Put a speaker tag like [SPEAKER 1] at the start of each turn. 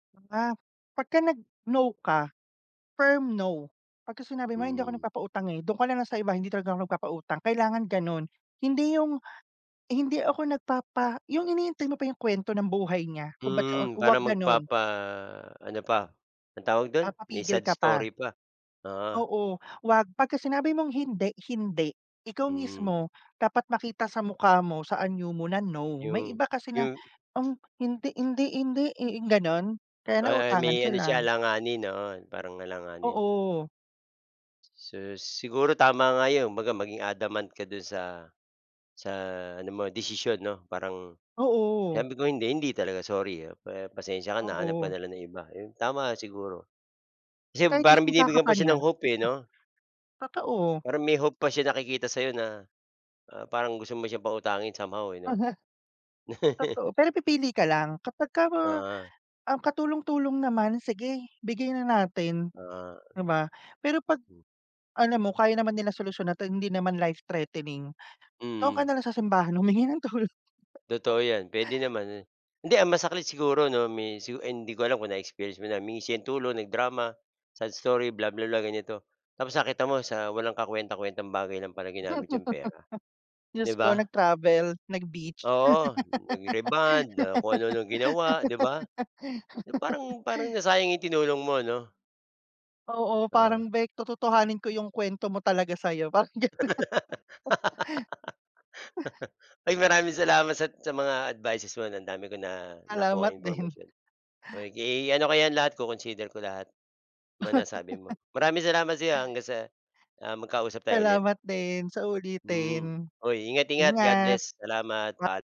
[SPEAKER 1] Ah pagka nag-no ka firm no, pagka sinabi mo, "Hindi ako
[SPEAKER 2] Hmm.
[SPEAKER 1] nagpapautang, eh, doon ka na lang sa iba, hindi talaga ako nagpapautang." Kailangan ganun. Hindi yung, "Hindi ako nagpapa" yung hinihintay mo pa yung kwento ng buhay niya, kung ba't siya o
[SPEAKER 2] Hmm, para
[SPEAKER 1] huwag ganon.
[SPEAKER 2] magpapa-ano pa, anong tawag do'n? May
[SPEAKER 1] Papapigil
[SPEAKER 2] sad
[SPEAKER 1] ka pa.
[SPEAKER 2] story pa, oo.
[SPEAKER 1] Oo, ’wag, pagka sinabi mong hindi, hindi. Ikaw
[SPEAKER 2] Hmm.
[SPEAKER 1] mismo, dapat makita sa mukha mo, sa anyo mo na, no. May
[SPEAKER 2] Yung
[SPEAKER 1] iba kasi na,
[SPEAKER 2] yung
[SPEAKER 1] um, hindi, hindi, hindi, eh, ganun, kaya
[SPEAKER 2] Ah ah,
[SPEAKER 1] nauutangan
[SPEAKER 2] may ano siya
[SPEAKER 1] sila.
[SPEAKER 2] alanganin, oo, parang alanganin.
[SPEAKER 1] Oo.
[SPEAKER 2] Sus, siguro tama nga 'yon, baga maging adamant ka do'n sa sa ano mo desisyon 'no, parang
[SPEAKER 1] Oo.
[SPEAKER 2] sabi ko, "Hindi, hindi talaga, sorry ah, pa pasensiya ka na hanap ka
[SPEAKER 1] Oo.
[SPEAKER 2] na lang ng iba." Ayun, tama siguro. Kasi
[SPEAKER 1] Kahit
[SPEAKER 2] parang
[SPEAKER 1] isumpa ka
[SPEAKER 2] binibigyan
[SPEAKER 1] pa
[SPEAKER 2] pa siya
[SPEAKER 1] niya.
[SPEAKER 2] ng hope, eh
[SPEAKER 1] Ah
[SPEAKER 2] 'no?
[SPEAKER 1] Totoo.
[SPEAKER 2] Parang may hope pa siya nakikita sa 'yo na, ah, parang gusto mo siyang pautangin somehow, eh, 'no?
[SPEAKER 1] Aha. Totoo, pero pipili ka lang. Kapagka, ah,
[SPEAKER 2] Oo.
[SPEAKER 1] um, katulong-tulong naman, sige, bigay na natin,
[SPEAKER 2] Ah.
[SPEAKER 1] di ba? Pero, pag alam mo, kaya naman nila solusyonan at hindi naman life-threatening, doon ka
[SPEAKER 2] Mm.
[SPEAKER 1] na lang sa simbahan humingi ng tulong.
[SPEAKER 2] Totoo 'yan, puwede naman, hindi ang masakit siguro 'no, may su hindi ko alam kung na-experience mo na, humingi siya tulong, nag-drama, sad story, blah blah blah, ganito. Tapos nakita mo sa walang kakuwentang-kuwentang bagay lang pala ginamit yung pera,
[SPEAKER 1] Diyos
[SPEAKER 2] 'di
[SPEAKER 1] ko
[SPEAKER 2] ba?
[SPEAKER 1] nag-travel, nag-beach.
[SPEAKER 2] Oo, nag-rebond, ah, kung ano-ano ginawa, 'di ba? Na parang parang nasayang 'yung tinulong mo, 'no?
[SPEAKER 1] Oo,
[SPEAKER 2] Oo.
[SPEAKER 1] parang beyk, tototohanin ko yung kuwento mo talaga sa'yo, parang ganun.
[SPEAKER 2] Ay, maraming salamat sat sa mga advices mo, 'no, ang dami ko na
[SPEAKER 1] Salamat
[SPEAKER 2] nakuhang
[SPEAKER 1] din.
[SPEAKER 2] impormasyon. Oh, ke ano ko yan lahat co-consider ko lahat, mga nasabi mo. Maraming salamat sa 'yo, ah, hanggang sa ah, magkausap tayo ulit.
[SPEAKER 1] Salamat din, sa
[SPEAKER 2] Mm,
[SPEAKER 1] uulitin.
[SPEAKER 2] hoy, ingat-ingat. God
[SPEAKER 1] Ingat.
[SPEAKER 2] bless, salamat,
[SPEAKER 1] Ma
[SPEAKER 2] paa